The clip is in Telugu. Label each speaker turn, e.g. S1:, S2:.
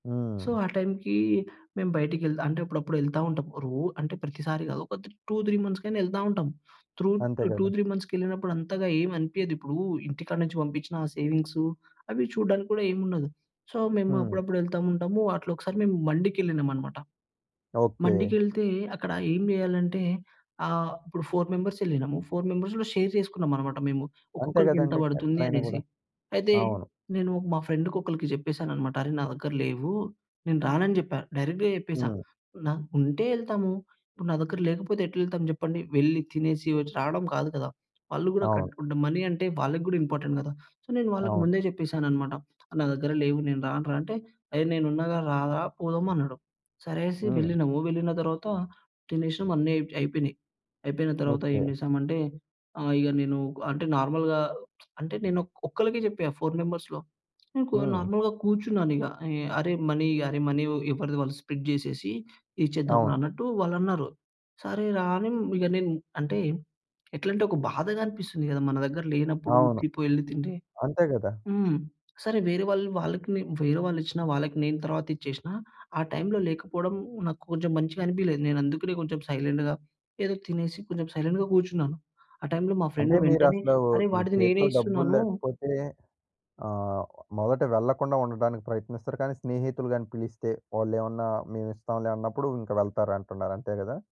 S1: సో,
S2: హ్మ్.
S1: ఆ టైమ్‌కి మేం బయటికె అంటే అప్పుడప్పుడెళ్తా ఉంటాం. రో అంటే ప్రతిసారి గాదు ఒక 2, 3 మంత్స్‌కైనా ఎళ్తా ఉంటాం. త్రుత్
S2: అంతే
S1: టూ
S2: గదా!
S1: త్రీ మంత్స్‌కెళ్ళినప్పుడు అంతగా ఏమనిపియదు. ఇప్పుడూ ఇంటికాడ నుంచి పంపిచ్చిన ఆ సేవింగ్సు, అవి చూడ్డానికి గూడా ఏముండదు. సో, మేము
S2: హ్మ్.
S1: అప్పుడప్పుడెళ్తా ఉంటాము. అట్లొకసారి మేము మండికెళ్ళినామన్నమాట.
S2: ఓకే.
S1: మండికెళ్తే అక్కడ ఏం జేయాలంటే, ఆహ్, ఇప్పుడు 4 మెంబర్స్ ఎళ్ళినాము 4 మెంబర్స్‌ గూడ షేర్ చేసుకున్నాం అన్నమాట మేము.
S2: అంతే
S1: ఒక్కొక్కలికి ఎంత
S2: గదండీ!
S1: బడుతుంది
S2: ఎక్కడైనా
S1: అనేసి.
S2: గూడా.
S1: అయితే,
S2: అవును.
S1: నేను మా ఫ్రెండ్‌కి ఒకలికి జెప్పేసానన్నమాట. అరే! నా దగ్గర లేవు. నేను రానని జెప్పా. డైరెక్ట్‌గా జెప్పేసా.
S2: హ్మ్.
S1: నాకుంటే ఎళ్తాము, ఇప్పుడు నా దగ్గర లేకపోతే ఎట్లెళ్తాము జెప్పండి. వెళ్లి తినేసి వచ్ రాడం కాదు కదా! వాళ్ళు గూడా
S2: అవును.
S1: కట్టుకుంట మనీ అంటే వాళ్లకి గూడా ఇంపార్టెంట్ గదా! సో, నేను వాళ్ళకి
S2: అవును.
S1: ముందే చెప్పేసాను అనమాట. నా దగ్గర లేవు నేను రానురా అంటే "ఏహ్, నేనున్నాగా రారా" పోదామన్నాడు. సరేననేసి
S2: హ్మ్.
S1: వెళ్ళినాము. వెళ్ళిన తర్వాత తినేసం అన్నీ అయి అయిపోయినాయి. అయిపోయిన తర్వాత ఏం
S2: ఓకే.
S1: జేసామంటే, ఆహ్, ఇగ నేను అంటే నార్మల్‌గా అంటే నేను ఒ ఒక్కళ్ళకే జెప్పా 4 మెంబర్స్‌లో. ఇంకో
S2: హ్మ్.
S1: నార్మల్‌గా కూర్చున్నానిగ. "ఏయ్ అరేయ్! మనీ అరే! మనీ ఎవరిది వాళ్ళు స్ప్లిట్ జేసేసి, ఇచ్చేద్దాం రా"
S2: అవును.
S1: అన్నట్టు వాళ్ళన్నారు. సరే రా! అని ఇగ నేన్ అంటే ఎట్లంటే, ఒక బాధగా అనిపిస్తుంది గదా! మన దగ్గర లేనప్పుడు
S2: అవును.
S1: ఉర్కి పోయి ఎళ్లి తింటే.
S2: అంతే గదా!
S1: హ్మ్. సరే వేరే వాళ్ళు వాళ్ళకి నే వేరే వాళ్ళు ఇచ్చినా వాళ్ళకి నేను తరువాత ఇచ్చేసినా. ఆ టైమ్‌లో లేకపోవడం నాకు కొంచెం మంచిగనిపియలేదు. నేనందుకనే కొంచెం సైలెంట్‌‌‌గా ఏదో తినేసి కొంచెం సైలెంట్‌గా కూర్చున్నాను. ఆ టైమ్‌లో మా
S2: అంటే
S1: ఫ్రెండ్ వెంటనే
S2: మీరసలు,
S1: "అరే!
S2: మీ
S1: వాడిది నేనే
S2: చేతిలో డబ్బులు
S1: ఇస్తున్నానూ"
S2: లేకపోతే, ఆహ్, మొదట వెళ్ళకుండా ఉండటానికి ప్రయత్నిస్తారు. కానీ స్నేహితులు గాని పిలిస్తే, వాళ్ళేమన్నా మేమిస్తాంలే అన్నప్పుడు, ఇంక వెళ్తారంటున్నారు. అంతే గదా!